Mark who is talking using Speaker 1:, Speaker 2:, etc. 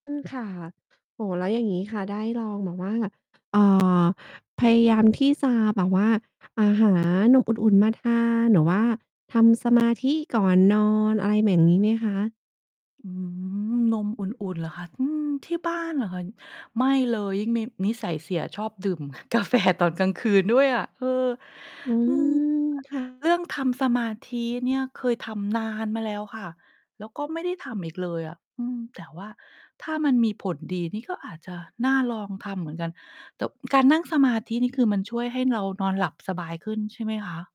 Speaker 1: อืม ค่ะ โอ้โฮ แล้วอย่างงี้ค่ะ ได้ลองแบบว่า เอ่อ พยายามที่จะแบบว่า อ่า หา นมอุ่น ๆ มาทาน หรือว่าทำ สมาธิ ก่อนนอน อะไรเหม่งงี้ไหมคะ?
Speaker 2: อืม นมอุ่น ๆ เหรอคะ? อืม ที่บ้านเหรอคะ? น ไม่เลย ยิ่งมีนิสัยเสียชอบดื่ม กาแฟ ตอนกลางคืนด้วยอะ เออ
Speaker 1: อื
Speaker 2: อือ ร
Speaker 1: ม ค่ะ
Speaker 2: เรื่องทำสมาธิเนี่ยเคยทำนานมาแล้วค่ะ แล้วก็ไม่ได้ทำอีกเลยอะ อืม แต่ว่าถ้ามันมีผลดีนี่ก็อาจจะน่าลองทำเหมือนกัน ตบ การนั่งสมาธินี่คือมันช่วยให้เรานอนหลับสบายขึ้นใช่ไหมคะ?